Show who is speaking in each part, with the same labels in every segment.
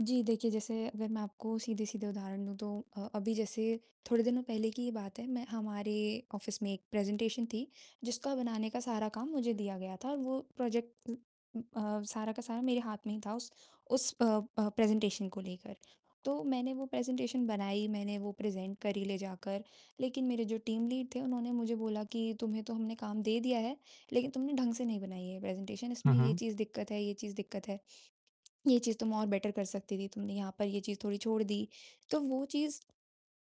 Speaker 1: जी, देखिए, जैसे अगर मैं आपको सीधे-सीधे उदाहरण दूँ तो अ, अभी जैसे थोड़े दिनों पहले की ही बात है मैं हमारे ऑफिस में एक प्रेज़ेंटेशन थी, जिसका बनाने का सारा काम मुझे दिया गया था और वो प्रोजेक्ट उम अ, सारा का सारा मेरे हाथ में ही था उस उस अ अ, प्रेज़ेंटेशन को लेकर। तो मैंने वो प्रेज़ेंटेशन बनाई, मैंने वो प्रेज़ेंट करी ले जाकर, लेकिन मेरे जो टीम लीड थे, उन्होंने मुझे बोला कि तुम्हें तो हमने काम दे दिया है, लेकिन तुमने ढंग से नहीं बनाई है प्रेज़ेंटेशन इसमें
Speaker 2: हुँ,
Speaker 1: ये
Speaker 2: हुँ।
Speaker 1: चीज़ दिक्कत है ये चीज़ दिक्कत है। ये चीज़ तुम और बेटर कर सकती थी, तुमने यहाँ पर ये चीज़ थोड़ी छोड़ दी। तो वो चीज़,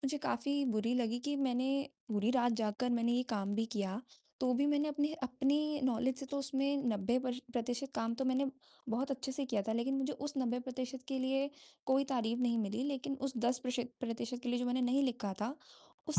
Speaker 1: मुझे काफ़ी बुरी लगी कि, मैंने पूरी रात जागकर मैंने ये काम भी किया, तो भी मैंने अपने अपनी नॉलेज से तो उसमें 90 पर्श प्रतिशत काम तो मैंने बहुत अच्छे से किया था। लेकिन मुझे उस 90% के लिए कोई तारीफ नहीं मिली, लेकिन उस 10% प्रश प्रतिशत के लिए जो मैंने नहीं लिखा था,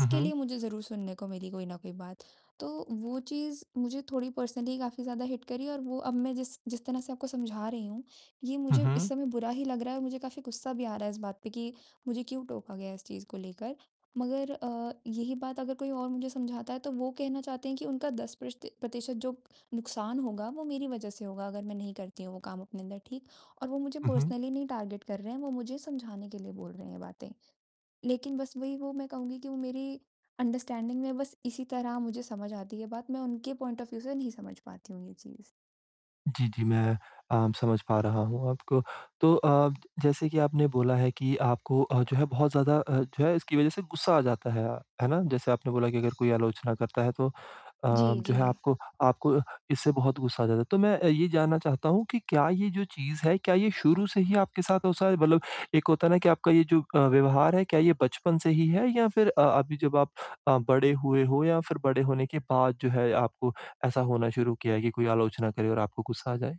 Speaker 2: हुँ,
Speaker 1: लिए
Speaker 2: हुँ।
Speaker 1: मुझे ज़रूर सुनने को मिली कोई ना कोई बात। तो, वो चीज़ मुझे थोड़ी पर्सनली काफ़ी ज़्यादा हिट करी और वो अब मैं जिस जिस तरह से आपको समझा रही हूँ, ये
Speaker 2: हुँ,
Speaker 1: मुझे इस
Speaker 2: हुँ।
Speaker 1: समय बुरा ही लग रहा है और मुझे काफ़ी गुस्सा भी आ रहा है इस बात पे कि मुझे क्यों टोका गया इस चीज़ को लेकर। मगर अ, यही बात अगर कोई और मुझे समझाता है तो वो कहना चाहते हैं कि उनका 10% प्रष्ट प्रतिशत जो नुकसान होगा वो मेरी वजह से होगा अगर मैं नहीं करती हूँ वो काम अपने अंदर, ठीक। और वो मुझे
Speaker 2: हुँ, हुँ।
Speaker 1: पर्सनली नहीं टार्गेट कर रहे हैं, वो मुझे समझाने के लिए बोल रहे हैं ये बातें। लेकिन बस वही वो मैं कहूँगी कि वो मेरी अंडरस्टैंडिंग में बस इसी तरह मुझे समझ आती है बात, मैं उनके पॉइंट ऑफ व्यू से नहीं समझ पाती हूँ ये चीज़।
Speaker 2: जी, जी, मैं अ, समझ पा रहा हूँ आपको। तो अ, जैसे कि आपने बोला है कि आपको अ, जो है बहुत ज़्यादा अ जो है इसकी वजह से गुस्सा आ जाता है, है ना? जैसे आपने बोला कि अगर कोई आलोचना करता है तो अ,
Speaker 1: जी,
Speaker 2: जो है
Speaker 1: जी।
Speaker 2: आपको आपको इससे बहुत गुस्सा आ जाता है। तो मैं अ, ये जानना चाहता हूँ कि क्या ये जो चीज़ है, क्या ये शुरू से ही आपके साथ हो सा है मतलब एक होता है ना कि आपका ये जो अ, व्यवहार है, क्या ये बचपन से ही है या फिर अ अभी जब आप अ, बड़े हुए हो या फिर बड़े होने के बाद आपको ऐसा होना शुरू किया है कि कोई आलोचना करे और आपको गुस्सा आ जाए?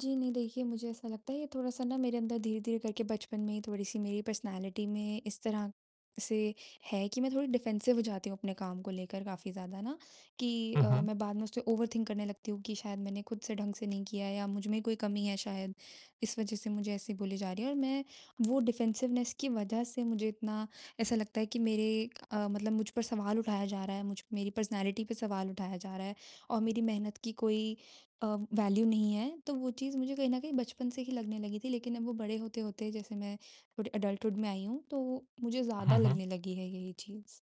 Speaker 1: जी, नहीं, देखिए, मुझे ऐसा लगता है ये थोड़ा-सा ना मेरे अंदर धीरे-धीरे करके बचपन में ही थोड़ी-सी मेरी पर्सनैलिटी में इस तरह से है कि मैं थोड़ी डिफेंसिव हो जाती हूँ अपने काम को लेकर काफ़ी ज़्यादा ना, कि
Speaker 2: हुँ,
Speaker 1: अ,
Speaker 2: हुँ।
Speaker 1: मैं बाद में उसे ओवरथिंक करने लगती हूँ कि शायद मैंने खुद से ढंग से नहीं किया या मुझमें कोई कमी है शायद। इस वजह से मुझे ऐसे बोली जा रही है और मैं वो डिफेंसिवनेस की वजह से मुझे इतना, ऐसा लगता है कि मेरे अ, मतलब मुझ पर सवाल उठाया जा रहा है, मुझ मेरी पर्सनैलिटी पे सवाल उठाया जा रहा है और मेरी मेहनत की कोई अ, वैल्यू नहीं है। तो वो चीज़ मुझे कहीं न कहीं बचपन से ही लगने लगी थी, लेकिन अब वो बड़े होते-होते जैसे मैं थोड़े एडल्टहुड में आई हूँ, तो वो मुझे ज़्यादा
Speaker 2: हुँ, हुँ।
Speaker 1: लगने लगी है ये चीज़।